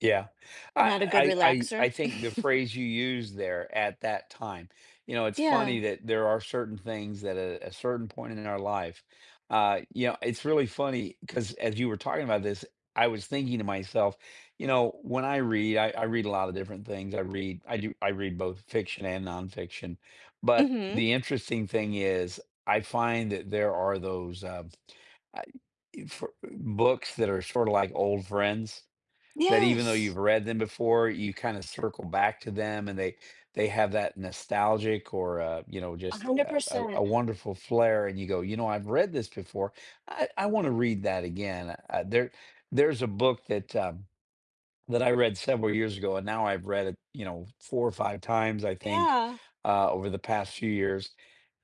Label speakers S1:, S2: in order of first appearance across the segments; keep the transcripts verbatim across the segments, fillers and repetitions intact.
S1: Yeah.
S2: Not a good
S1: I I I
S2: relaxer?
S1: I think the phrase you used there, "at that time," you know, it's funny
S2: Yeah.
S1: that there are certain things that at a certain point in our life, uh, you know, it's really funny, 'cause as you were talking about this, I was thinking to myself, you know, when I read, I I read a lotta different things, I read I do I read both fiction and nonfiction, but
S2: Mhm.
S1: the interesting thing is I find that there are those, uh, I e for uh, books that are sorta like old friends. That even though
S2: Yes.
S1: you've read them before, you kinda circle back to them and they they have that nostalgic or, uh, you know,
S2: a
S1: just
S2: hundred
S1: a a
S2: percent.
S1: a wonderful flare and you go, "You know, I've read this before. I I wanna read that again." A there there's a book that, uh, that I read several years ago and now I've read it, you know, four or five times, I think,
S2: Yeah.
S1: uh, over the past few years,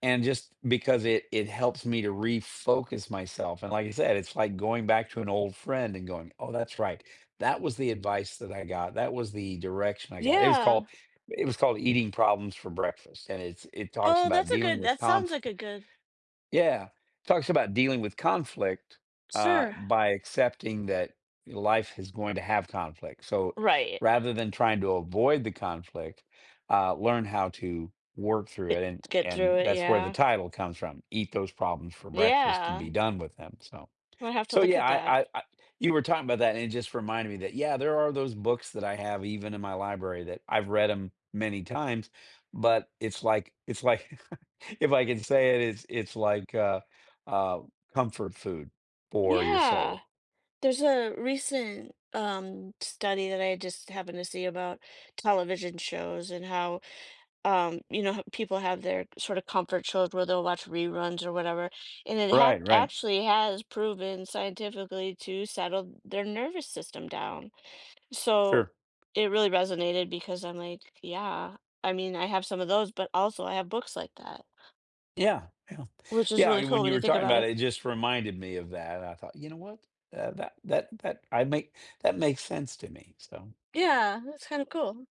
S1: and just because it it helps me to refocus myself and like I said, it's like going back to an old friend and going, "Oh, that's right. That was the advice that I got, that was the direction I got." It was
S2: Yeah.
S1: called it was called Eating Problems For Breakfast and it's it talks
S2: Oh,
S1: about
S2: that's a
S1: dealing
S2: good
S1: with
S2: that sounds
S1: confli
S2: like a good
S1: Yeah, talks about dealing with conflict, uh,
S2: Sure.
S1: by accepting that life is going to have conflict. So,
S2: Right.
S1: rather than trying to avoid the conflict, uh, learn how to work through
S2: Eh,
S1: it, and
S2: get through
S1: and
S2: it,
S1: that's where the
S2: yeah.
S1: title comes from, "eat those problems for breakfast and be
S2: Yeah.
S1: done with them," so
S2: I'm gonna have to
S1: so,
S2: look
S1: yeah,
S2: at
S1: I
S2: that.
S1: I I you were talking about that and it just reminded me that, yeah, there are those books that I have even in my library that I've read 'em many times, but it's like it's like if I can say it, it's it's like, uh, uh, comfort food for your soul.
S2: Yeah. There's a recent, um, study that I just happened to see about television shows and how, um, you know, ho people have their sort of comfort shows where they'll watch reruns or whatever and it ha
S1: Right, right.
S2: actually has proven scientifically to settle their nervous system down. So,
S1: Sure.
S2: it really resonated because I'm like, "Yeah, I mean, I have some of those, but also I have books like that."
S1: Yeah. Yeah.
S2: Which is
S1: Yeah, I
S2: really
S1: mean
S2: cool
S1: when you
S2: when you
S1: were
S2: think
S1: talking
S2: about
S1: about
S2: it.
S1: it, it just reminded me of that. I thought, you know what? That that that that I make that makes sense to me so
S2: Yeah, that's kind of cool.